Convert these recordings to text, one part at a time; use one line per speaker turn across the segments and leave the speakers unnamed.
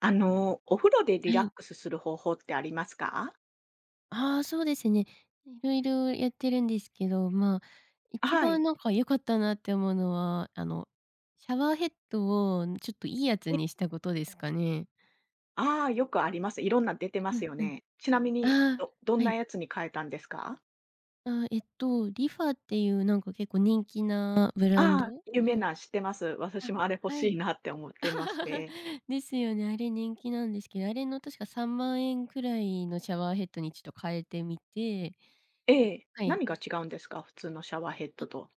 あの、お風呂でリ
は
ラッ
い。
クスする方法ってありますか？
ああ、そうですね。うん、色々やってるんですけど、ま、一
は
番、
い。
なんか良かったなって思うのは、あの、シャワーヘッドをちょっといいやつ
ええ。
にしたことですかね。
ああ、よくあります。いろんな出てま
う
す
ん
よ
うん。
ね。ちなみに、
ああ、
どどん
は
な
い。
やつに変えたんですか？
ああ、えっと、リファっていう、なんか、結構人気なブランド
ああ、有名
の
な、知ってます。私
あ、
もあれ欲
は
し
い。
いなって思ってまして。
ですよね、あれ人気なんですけど、あれの確か3万円くらいのシャワーヘッドにちょっと変えてみて。
ええ。
はい。
何が違うんですか？普通のシャワーヘッ
あ。
ドと。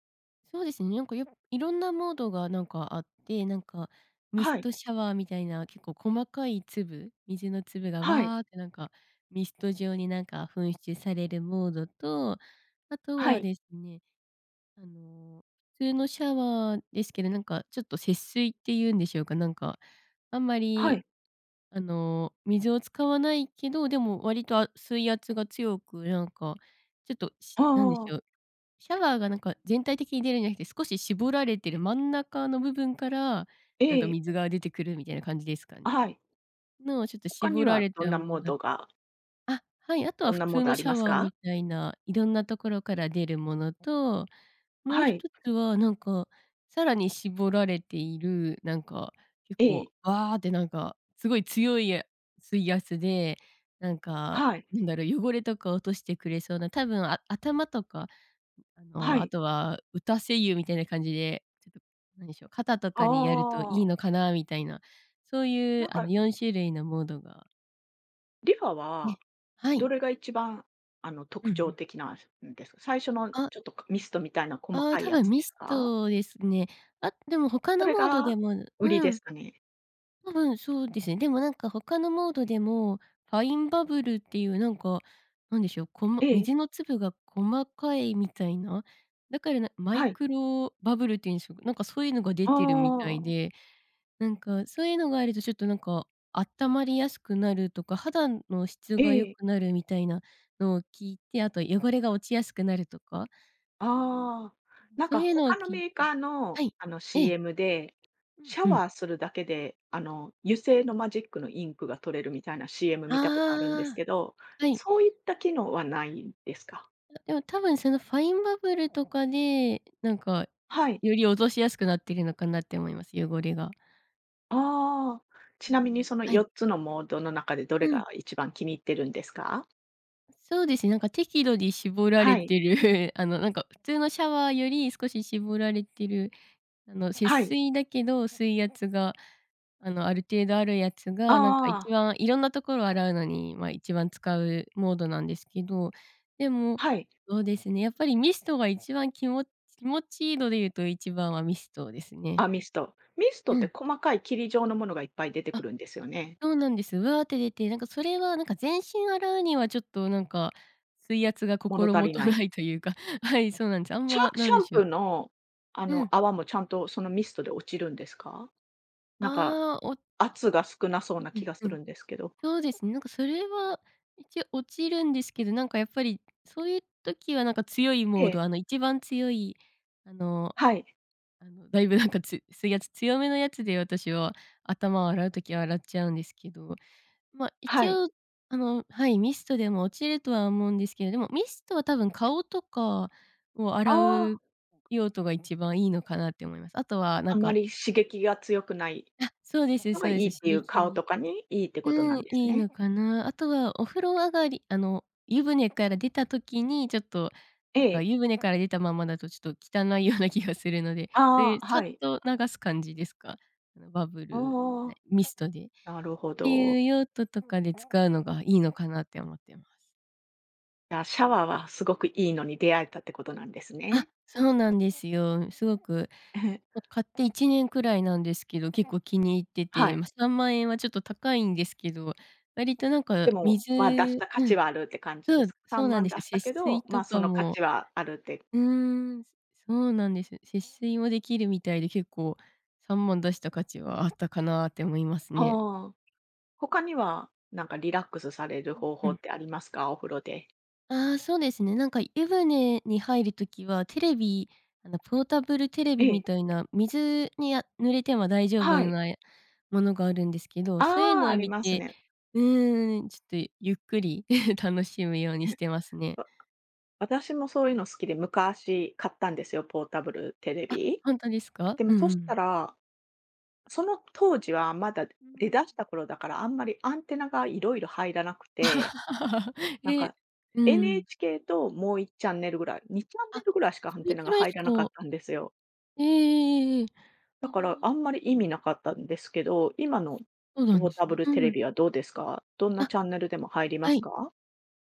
そうですね、なんかよ色んなモードが、なんか、あって、なんか、
あ、
ミ
は
ス
い。
トシャワーみたいな結構細かい粒、水の粒が
はい。
わあって、なんか、ミスト状に、なんか、噴出されるモードと、あと
は
は
い。
ですね、あの、普通のシャワーですけど、なんか、ちょっと、節水って言うんでしょうか、なんか、あんま
は
り、
い。
あの、水を使わないけど、でも割とあ水圧が強く、なんか、ちょっと、し
はあ、
なんでし
ああああ。
ょう、シャワーが、なんか、全体的に出るんじゃなくて、少し絞られてる真ん中の部分から、なんか、
ええ。
水が出てくるみたいな感じですか
あ、
ね。
はい。
の、ちょっと
他
絞
に
ら
は
れ
どん
た
な
も
モ
の
ー
だ
ドが
あ、はい、あと
ど
は
ん
普
なモー
通
ド
の
あり
シャ
ます
ワー
か？
みたいな色んなところから出るものと、
あ、
もう
はい。
一つは、なんか、さらに絞られている、なんか、結
え
構、
え。
わあって、なんか、すごい強い水圧で、なんか、
はい。
何だろう、汚れとか落としてくれそうな、多分、あ頭とか、ん、あ
は
の、あ
い。
とは打たせ湯みたいな感じで、ちょっと、何でしょう、肩と
あ
かにやるといい
あ。
のかなみたいな。そうい
な
う、
ん
あの、
か
4種類のモードが
リファ
え、
は
は
ど
い。
れが一番、あの、
うん
特
う
徴
ん。
的なんすんですか？最初の
あ
ちょっとこ、ミストみたいな細
ああ、
かい
多
や
分
つ
ミ
です
ス
か？
トですね。あ、でも他
そ
の
れ
モード
が
でも
売り
う
で
ん。
すかね。
多分そうですね。でもなんか他のモードでも、ファインバブルっていうなんか、何でしょう、こま
ええ。
水の粒が細かいみたいな、だから、なマイ
はい。
クロバブルっていうんでしょう、なんかそういうのが出てるみた
あ
い
あ。
で、なんか、そういうのがあるとちょっとなんか、あったまりやすくなるとか、肌の質
え
が良
え。
くなるみたいなのを聞いて、あと汚れが落ちやすくなるとか
ああ。なん
そ
か
ういうのを
他の
聞いて
メーカーの、
はい、
あの
ええ。
CM で、シャ
うんうん。
ワーするだけで、あの、油製のマジックのインクが取れるみたいな CM 見たことあるんです
ああ。
けど、
はい。
そういった機能はないんですか？
あ、でも多分そのファインバブルとかで、なんか、
はい。
より落としやすくなっているのかなって思います、汚れが。
ああ。
う
ち
ー
なみに
ん、
その
は
よ
い。
っつのモードの中でど
う
れ
ん。
が一番気に入ってるんですか？
そうですね、なんか適度に絞られ
はい。
てる、あの、なんか普通のシャワーより少し絞られてる、あの、節
はい。
水だけど水圧が、あの、ある程度あるやつ
あ
が、なんか
ああ
一
あ。
番色んな所を洗うのに、ま、一番使うモードなんですけど、でも、
はい。
そうですね、やっぱりミストが一番きも気持ちいいのでいうと一番はミストですね。
あ、ミスト。ミストっ
う
て
ん。
細かい霧状のものがいっぱい出てく
あ、
るんですよね？
そうなんですよ。わあって出て、なんか、それは、なんか、全身洗うには、ちょっと、なんか、水圧が
物
心
足
も
り
と
ない。
ないというか、はい、そうなんです。あん
シャ
ま、な
シ
ん
ャ
で
ン
しょ
プー
う。
の、あ
う
の
ん。
泡も、ちゃんとそのミストで落ちるんですか？なんか、
ああ、お
圧が少なそうな
う
気
ん
がす
うん。
るんですけど。
そうですね。なんか、それは一応落ちるんですけど、なんか、やっぱり、そういう時は、なんか、強いモ
え
ー
え。
ド、あの、一番強い、あの
はい。
あの大分なんか、つ水圧強めのやつで、私は頭を洗う時は洗っちゃうんですけど。ま、
は
一
い。
応、あの、はい、ミストでも落ちるとは思うんですけど、でもミストは多分、顔とかを
あ
洗う
あ。
用途が一番いいのかなって思います。あとは、なん
あんま
か
り刺激が強くない
あ、そうです
の
そ
が
う
い
で
いっ
す、刺
ていう、顔
激
とかにいいってこと
う
な
ん、
んです
いい
ね。
のかな。あとはお風呂上がりあの、湯船から出た時に、ちょっと、
え
なんか、
え。
湯船から出たままだと、ちょっと汚いような気がするので、そうい
あ
う
あ、
さっ
はい。
と流す感じですか、あのバブル
ああ。
で、ミストでっ
なるほ
てい
ど。
う用途とかで使うのがいいのかなって思ってます。
じゃ、シャワーはすごくいいのに出会えたってことなんです
あ、
ね。
そうなんですよ。すごく、も買って1年くらいなんですけど、結構気に入って
は
て、
い。
ま、3万円はちょっと高いんですけど、割となんか
でも、
水
ま、出した価
う
値
ん、
はあるって感じ
そ
で
う
す。さ
そう
ん
な
ま
ん
ん
です
出
よ。
したけ
節
ど、
水と
ま、そ
か
の価
も
値はあるって
うーん、そうなんですよ。節水もできるみたいで、結構3万出した価値はあったかなって思いますね。
ああ。他にはなんかリラックスされる
うん
方
う
法
ん。
ってありますか？お風呂で。
ああ、そうですね。なんか湯船に入る時はテレビ、あのポータブルテレ
え
ビみ
え。
たいな水に、あ、濡れても大丈夫
はい。
なものがあるんですけど、そういう
ああ、
の
あ
を
り
見
ます
て、
ね。
うーん、ちょっとゆっくり 楽しむようにし てますね。
わ私もそういうの好きで、昔買ったんですよ、ポータブルテレ
あ、
ビ。
ほんとですか？
で
う
も
ん
そ
う
した
ん。
ら、その当時はまだで
うー
出し
ん。
た頃だから、あんまりアンテナがいろいろ入らなくて、なん
え、
か
うん。
NHK ともう1チャンネルぐらい、にチャンネ
あ、
ルぐらいしかア
そ
ン
れ
テナ
く
が
らい
入
し
らなかっ
か
たんですよ。
ええええええええ。あ
だから
あ。
あんまり意味なかったんですけど、今の
そうなん
ポー
です
タブ
ね。
ルテ
う
レ
ん。
ビはどうですか、どんな
あ、
チャンネルでも入りま
は
す
い。
か？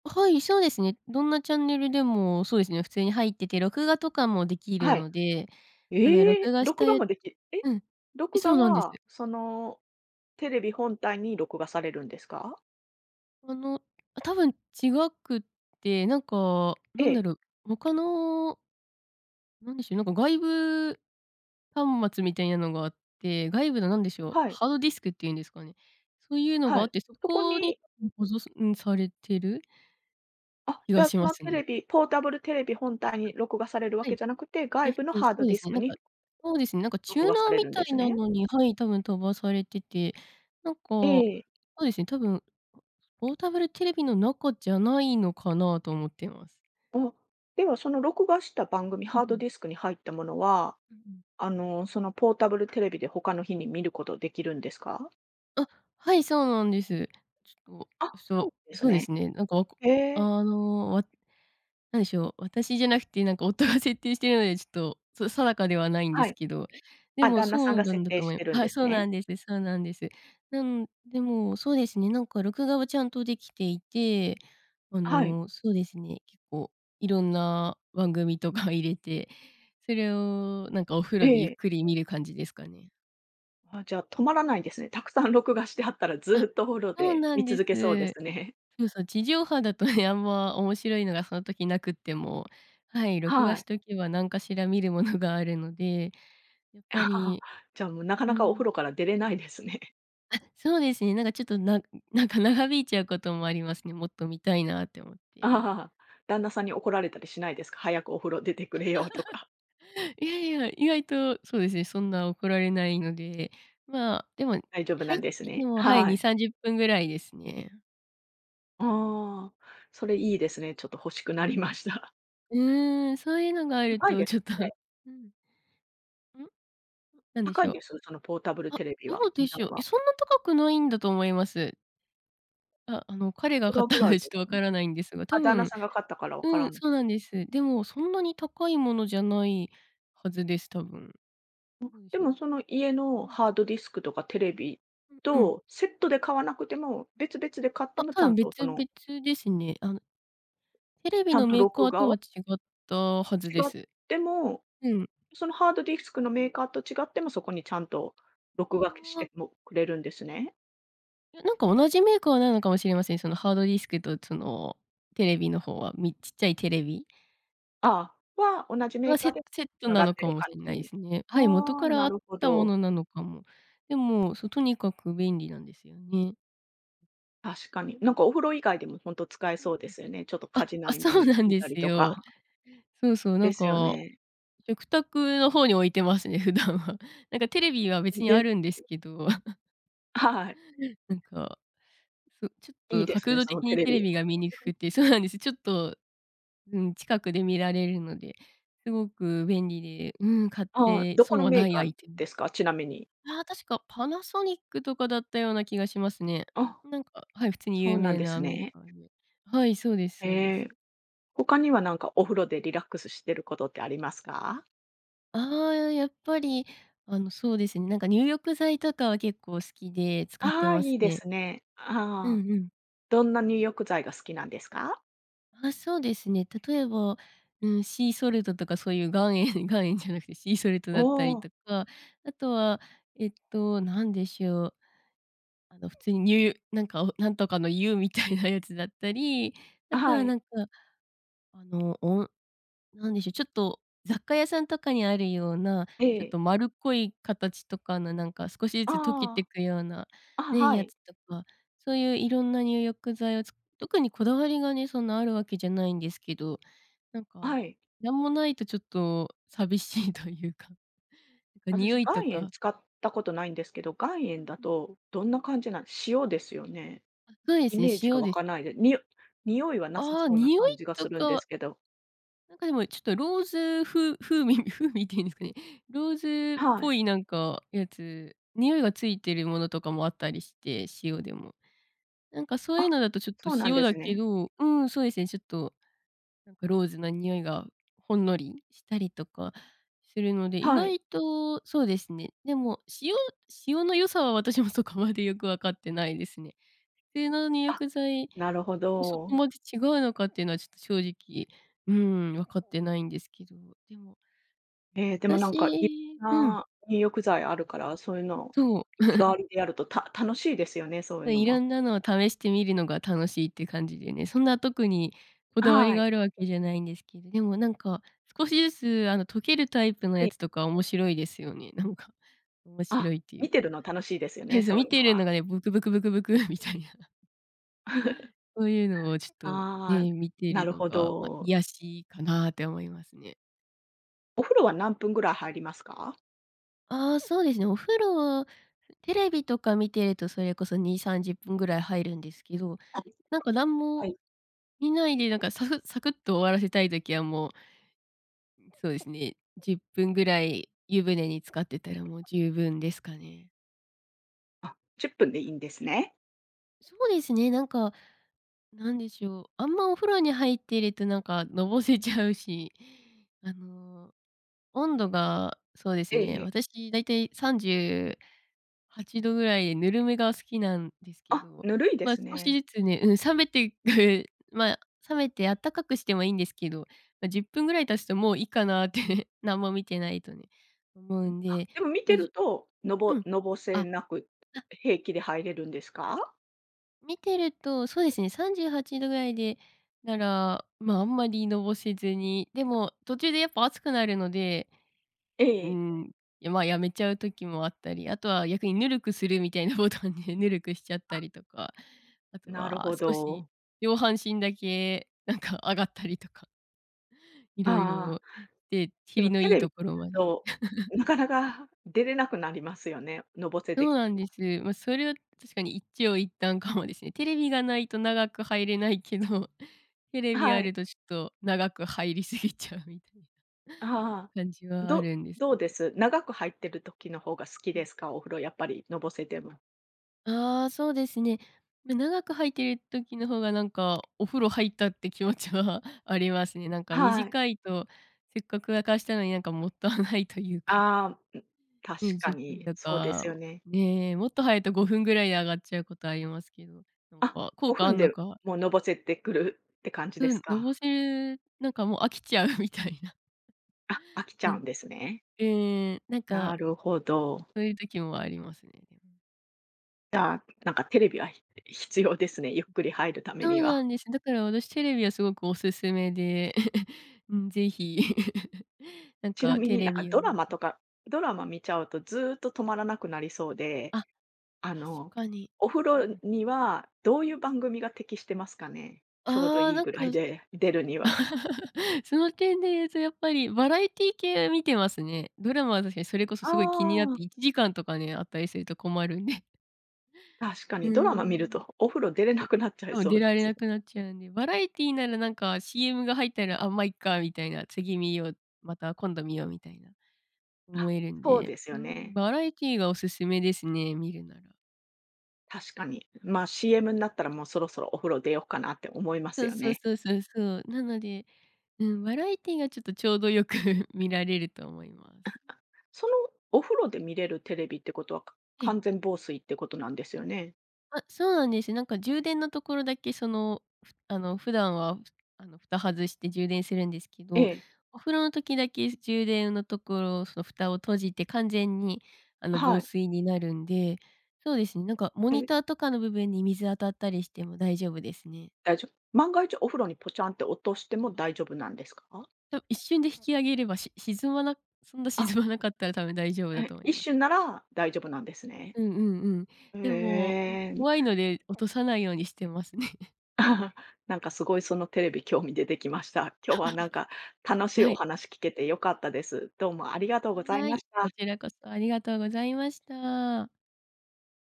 あ、はい、そうですね。どんなチャンネルでも、そうですね、普通に入ってて、録画とかもでき
あ、
る
はい、
ので、あの、録
え、
画し
録画
て
もできえ、
うん。え、
録
そ
画
うなんです。
はそのテレビ本体に録画されるんですか？
あの、あ、多分違くて、なんか、な
え
んだ
え。
ろう、他のなんでしょうね、なんか外部端末みたいなのがあって、外部のなんでし
う
ょう、
はい。
ハードディスクっていうんですかね。そういうのが
は
あっ
い、
て、そ
そこ
こに
に
多分ほぞそんされてる
あ、
気
じ
が
ゃあ
し
そ
ま
の
す
テ
ね。
レビポータブルテレビ本体に
[unintelligible]
録画されるわ
は
け
い
じゃなくて、外部の
[unintelligible] そ
ハー
う
ド
で
デ
す
ィス
ね、
ク
なんか
に
そうですね、なんかチュー
録
ナー
画され
み
るん
た
で
い
す
な
ね。
のにはい、多分飛ばされてて、なんか、そ
ええ。
うですね、多分、あ、ポータブルテレビの中じゃないのかなと思ってます。
あ、ではその録画した番組
うう
ハード
ん。
ディスクに入ったものは、
ううん。
あの、そのポータブルテレビで他の日に見ることできるんですか？
あ、はい、そうなんです。ちょっと、
あ、そ
そ
うで
う、
す
そうで
ね。
すね。なんか、あ
へ
こ
え。
あの、わ何でしょう、私じゃなくて何か夫が設定してるのでちょっと、そ定かではないんで
は
す
い。
けど、で
あ、
も
旦那さ
そ
ん
う
が
なん
設
だ
定
と
し
思い
てるん
は
で
い、
す
そうな
ね。
んですそうなんです。なんでも、そうですね、なんか録画はちゃんとできていて、あ
はい。
の、そうですね、結構色んな番組とか入れて、それをなんかお風
え
呂でゆっ
え。
くり見る感じですかね。
あ、じゃあ止まらないですね。たくさん録画してあったら
あ、
ずっとお風呂
そう
で
なん
見
です。
続けそうですね。
そうそう、地上波だとね、あんま面白いのがその時なくっても、はい、録画
は
し
い。
とけば何かしら見るものがあるので、やっぱ り
じゃあもう
う
なかなかお風
ん。
呂から出れないですね。
あ、そうですね。なんかちょっと、なんんなんか長引いちゃうこともありますね。もっと見たいなって思って。
旦那さんに怒られたりしないですか？「早くお風呂出てくれよ」とか。
いやいや、意外と、そうですね、そんな怒られないので、ま、でも
大丈夫な
入っ
んです
てて
ね。
も、はい、
は
に
い。
さんじゅっぷんぐらいですね。
ああ、それいいですね、ちょっと欲しくなりました。
うーん、そういうのがある
高い
と、
で
ちょっと
ね。
うん。ん、
うん。
なんで
高
し
い
ょ
ん
う。
です？そのポータブル
あ、
テレビ
ど
は。
うで
値
しょ
段
う。え、
は。
そんな高くないんだと思います。あ、あの、彼
い
が
く
買っ
らぐ
たの
らい
で
で
ちょっ
す。
と分か
[unintelligible]
らないんですが、多
あ、旦那
分
さんが買ったからわか
う
ら
ん、
ん。
そうなんです。でも、そんなに高いものじゃないはずです、多分。
も、
どうで
で
しょ
も
う。
その家の
うん。
ハードディスクとかテレビ
うんうん。
とセットで買わなくても、別々で買って
あ、
もち
多
ゃ
分
んと
別
そ
々
の
ですね。あの、テレ
ち
ビ
ゃん
の
と
メーカ
録
ー
画
と
は
は違ったはずで
違っ
す。
ても、
うん。
そのハードディスクのメーカーと違っても、そこにちゃんと
あ
録画くし
あ。
てもくれるんですね。
いや、なんか同じメーカーなのかもしれません。そのハードディスクとその、テレビの方は。みちっちゃいテレビ
ああ、は同じメ
は、
ーカ
セ
ーで
セット
繋
な
がっ
の
て
か
る
も
感
しん
じ
ないで
に。
すね。はい、元
ああ、
からあ
な
っ
るほ
たも
ど。
のなのかも。でも、そとにかく便利なんですよね。
確かに。なんかお風呂以外でもほんと使え
うん
そうで
うん。
すよね。ちょっと家
あ、
事の
あ、
合間
そう
に
なん
見
で
たり
す
と
よ。
か。
そうそう、な
で
ん
すよ
か、
ね。
食卓の方に置いてますね、普段は。なんかテレビは別
ん
に
で
あるんですけど。
あ、はい。
なんか、うちょ
いい
っと
です
角
ね、
度
そ
的
のテ
に
レ
テレ
ビ。
ビが見にく
[unintelligible]
くてそうなんです、ちょっと、うん、近くで見られるので、すごく便利で、うん、買っ
ああ、
て
どこ
損
の
は
メ
な
ー
いア
カー
イテム。
ですか、ちなみに。
ああ、確かパナソニックとかだったような気がしますね。
あ、
なんかはい、普通に
そ
有
うなん
名
で
な
す
メー
ね。
カーで。はい、そうですそうで
へ
す。
え。他には何かお風呂でリラックスしてることってありますか？
ああ、やっぱり、あの、そうですね、なんか入浴剤とかは結構好きで使って
ああ、
ま
い
す
いで
ね。
すね。
う
ああ。
んうん。
どんな入浴剤が好きなんですか？
あ、そうですね。例えば、うーん、シーソルトとかそういう岩塩岩塩じゃなくてシーソルト
お
だったり
お。
とか、あとは、えっと何でしょう。あの普通ににゅうなんか何とかの湯みたいなやつだったり、あ
あ、
と
は
は
い。
なんか、あの、おん何でしょう、ちょっと雑貨屋さんとかにあるような、
え
ちょっ
え。
と丸っこい形とかのなんか少しずつ溶けて
あ
くような、
あ。あ、
ね、
は
や
い。
つとか、そういういろんな入浴剤を、つ特にこだわりがね、そんなあるわけじゃないんですけど、なん
は
か、
い。
なんもないとちょっと寂しいというか、
私、
匂いと
岩塩
か。
使ったことないんですけど、岩
う
塩
ん
だ
うん。
とどんな感じなん、塩ですよね？
あ、そうで
イ
すね、
メージが
塩
湧
です
かな
ね。
いで、にお匂いはなさ
ああ、
そうな
匂
感
い
じがす
と
るん
か
で
は
すけど。
なんかでも、ちょっとローズ風風味風味って言うんですかね、ローズっ
は
ぽ
い。
いなんかやつ、匂いがついてるものとかもあったりして、塩でも。なんかそういう
あ、
のだとちょっと
そうなん
塩
で
だ
す
け
ね。
どうーん、そうですね、ちょっと、なんかローズな匂いが、ほんのりしたりとかするので、意
はい。
外と、そうですね、でも、塩塩の良さは私もそこまでよく分かってないですね。普通の入
あ、
浴剤
なるほ
とそこ
ど。
まで違うのかっていうのはちょっと正直、うーん、分かってないんですけど、でも、
ええ、でもなんかい、
私うん。
な入浴剤あるから、そういうのを
そう。
日替 わりでやると、た楽しいですよね、そういう
ま、
のも。
色んなのを試してみるのが楽しいっていう感じでね、そんな特にこ
あ、
だわり
は
が
い。
あるわけじゃないんですけど、でもなんか少しずつあの溶けるタイプの
え
や
え。
つとか面白いですよね。なんか、面
あ、
白いってい
見
う
てる
か。
の楽しいですよ
は
ね、
い、そう、
そう
見
いう
て
の
る
は。
のがね、ブクブクブクブクみたいな。そういうのをちょっと
ああ、
ね、見て
な
る
る
の
ほ
が、ま、
ど。
癒しかなって思いますね。
お風呂は何分ぐらい入りますか？
ああ、そうですね、お風呂は、ふテレビとか見てるとそれこそ2、30分ぐらい入るんですけど、
あ、
なんか何
は
も
い。
見ないでなんかサフサクっと終わらせたい時はもう、ん、そうですね、10分ぐらい湯船に浸かってたらもう
[unintelligible]
十分ですかね。
あ、10分でいいんですね。
そうですね、なんか、何でしょう、あんまお風呂に入っているとなんかのぼせちゃうし、あの、温度が、そうです
ええ
ね、
ええ。
私大体38度ぐらいでぬるめが好きなんですけ
あ、
ど、
ぬるいで
まあ、
す
少し
ね。
ずつねうん、冷めていく、まあ、冷めてあったかくしてもいいんですけど、ま、10分ぐらい経つともういいかなって、何も見てないとね、思う
ん、
ん
あ、
で、
でも見
ま、
てる
じ
と、の
ゅう
ぼ
ん。
のぼせ
あ、
なく、
な
平気で入れるんですか？
見てると、そうですね38度ぐらいで、なら、まあ、あんまりのぼせずに、でも途中でやっぱ暑くなるので、
え
うー
え。
ん、いやまあ、辞めちゃう時もあったり、あとは逆にぬるくするみたいなボタンでぬるくしちゃった
あ。
りとか、あと
なる
は
ほ
少し、
ど。
上半身だけなんか上がったりとか。色
あ
々
あ、
で、
で
キリ
も
の
テ
いい
レビ
所
[unintelligible]
まで。
と、ん、なかなか出れなくなりますよね、のぼせて
そう
き
な
て
んで
も。
す。ま、それは確かに一長一短かもですね。テレビがないと長く入れないけど、テレ
あ、
ビあ
は
る
い。
とちょっと長く入りすぎちゃうみたいな
あ、はは、
感じはあ
ど
るんです
ど
け
う
ど。
です？長く入ってる時の方が好き
う
で
ん。
すか、お風呂やっぱりのぼせても。
あ、そうですね。ま、長く入ってる時の方がなんか、お風呂入ったって気持ちはありますね。なんか
はい。
短いと、せっかく沸かしたのになんかもったいないというか。
あ、ん、確
ね、じゅ
か
っぷん
に
と
そうで
か、
すよね。
え、もっと早いと5分ぐらいで上がっちゃうことありますけど、なん
あ、
か、効
ご
果
ふ
あ
ん
んの
で
か
もう、のぼせてくるって感じで
う
す
ん、のぼ
か？
せるなんかもう飽きちゃうみたいな。
あ、飽きちゃ
う
う
ん、
んです
うん。
ね。
ええ、なんか、
なるほど。
そういう時もありますね。
じゃあ、なんかテレビはひ必要ですね。ゆっくり入る為
そ
に
う
は。
なんです。だから私テレビはすごくお勧めで、うん、是非。なん
ちな
か
み
テ
に、な
レ
んか
ビを
ドラ
見
マと
て
かドラ
う
マ
ん。
見ちゃうとずっと止まらなくなりそうで、
あ、
あ
確
の
かに。
お風
う
呂
ん。
にはどういう番組が適してますかね？ちょうど
ああ、
いい
なん
ぐ
か
らいで、出るには。
その点で言うと、やっぱりバラエティー系、見てますね。ドラマは確かにそれこそ
あ
すごい気になっ
あ。
て1時間とかね、あったりすると困るんで。
確か
うー
にドラマ見る
ん。
とお風呂出れ
う
なくなっちゃい
多分
そ
出
うで
られな
す。
くなっちゃうんで、バラエティーならなんか CM が入ったら、あ、ま、いっかみたいな、次見よう、また今度見ようみたいな、思
あ、
えるん
そう
で、
ですよ
ん、
ね。
バラエティーがお勧めですね、見るなら。
確かに。ま、CM になったらもう、そろそろお風呂出ようかなって思いま
そ
す
う
よ
そう
ね。
そうそうそう、なので、うん、バラエティーがちょっとちょうどよく見られると思います。
あ、あ、そのお風呂で見れるテレビってことは、か
ええ。
完全防水ってことなんですよね。
あ、そうなんです。なんか充電のところだけその、ふあの、普段はふあの、蓋外して充電するんですけ
え
ど、
え。
お風呂の時だけ充電のところを、その蓋を閉じて完全にあの
は
防
い。
水になるんで、そうですね、なんかモニ
え。
ターとかの部分に水当たったりしても大丈夫ですね。
大丈万が一お風呂にポチャンって落としても大丈夫なんですか？
多分、一瞬で引き上げれば、し沈まなそんな
あ。
沈まなかったら多分大丈夫だと
へ、
思い
一
ます。
瞬なら大丈夫なんですね。
うんうんうん。
へ
でも、も、
え。
怖いので落とさないようにしてますね。
なんかすごいそのテレビ興味出てきました。今日はなんか 楽しい
は
お
い。
話聞けて良かったです。どうもありがとうござい
は
まし
い、
た。
こちらこそありがとうございました。